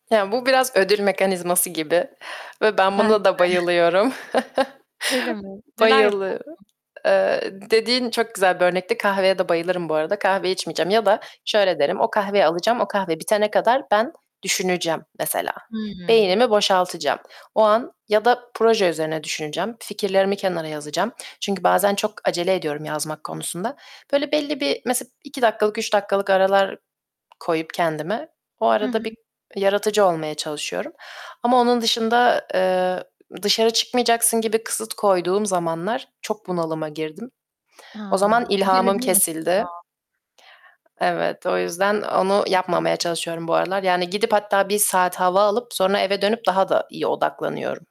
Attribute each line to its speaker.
Speaker 1: Ya, bu biraz ödül mekanizması gibi ve ben
Speaker 2: Ben de.
Speaker 1: buna da bayılıyorum.
Speaker 2: Öyle mi, neler yaparsın?
Speaker 1: Bayılı Eee, dediğin çok güzel bir örnekti. Kahveye de bayılırım bu arada. Kahve içmeyeceğim ya da şöyle derim, o kahveyi alacağım, o kahve bitene kadar ben düşüneceğim mesela.
Speaker 2: Hıı.
Speaker 1: Beynimi boşaltacağım. O an ya da proje üzerine düşüneceğim. Fikirlerimi kenara yazacağım. Çünkü bazen çok acele ediyorum yazmak konusunda. Böyle belli bir, mesela, 2 dakikalık, 3 dakikalık aralar koyup kendime, o
Speaker 2: Hı hı.
Speaker 1: arada bir yaratıcı olmaya çalışıyorum. Ama onun dışında, eee, dışarı çıkmayacaksın gibi kısıt koyduğum zamanlar çok bunalıma girdim.
Speaker 2: A!
Speaker 1: O zaman
Speaker 2: Bu
Speaker 1: ilhamım
Speaker 2: gelebilir
Speaker 1: kesildi.
Speaker 2: aslında.
Speaker 1: Evet, o yüzden onu yapmamaya
Speaker 2: [unintelligible]
Speaker 1: çalışıyorum bu aralar. Yani gidip hatta bir saat hava alıp, sonra eve dönüp daha da iyi odaklanıyorum.